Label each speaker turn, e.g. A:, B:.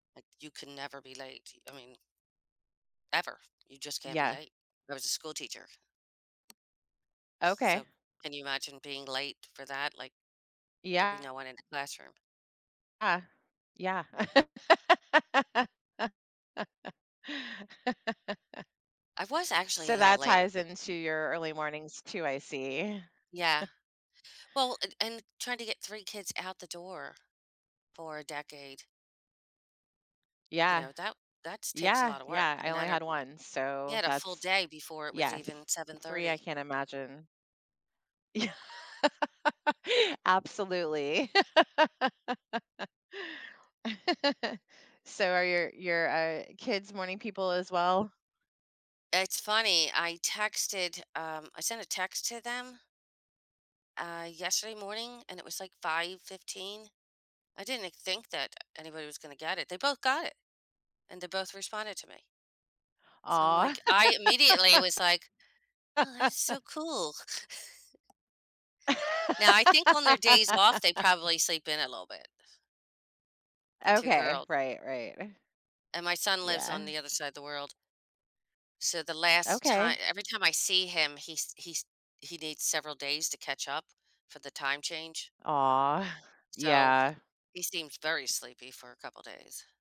A: Like you can never be late, y I mean Ever, you just can't be
B: Yeah.
A: late. I was a school teacher. So,
B: Okay.
A: can you imagine being late for that, like, there'll be
B: Yeah.
A: no one in the classroom.
B: Uh. Yeah.
A: I was actually a
B: So
A: little
B: that
A: late
B: ties into your early mornings too, I see.
A: Yeah. Well, and and trying to get 3 kids out the door for a decade. You
B: Yeah.
A: know, that that's takes a
B: Yeah,
A: lotta work
B: yeah, I
A: and
B: only had
A: energy.
B: 1,
A: You
B: so
A: had a full
B: that's
A: day before it was
B: yes,
A: even seven
B: 3, I
A: thirty.
B: can't imagine. Yeah. Absolutely. So are your your, uh, kids morning people as well?
A: It's funny, I texted, um, I sent a text to them uh, yesterday morning and it was like 5:15, I didn't think that anybody was gonna get it, they both got it and they both responded to me so I'm
B: Aw.
A: like I immediately was like, "Oh, that's so cool." Now, I think on their days off, they probably sleep in a little bit. The 2
B: Okay,
A: girls.
B: right, right.
A: And my son lives on
B: Yeah.
A: the other side of the world. So the last ti
B: Okay.
A: every time I see him, he's he's he needs several days to catch up for the time change
B: Aw.
A: so,
B: Yeah.
A: he seems very sleepy for a couple of days.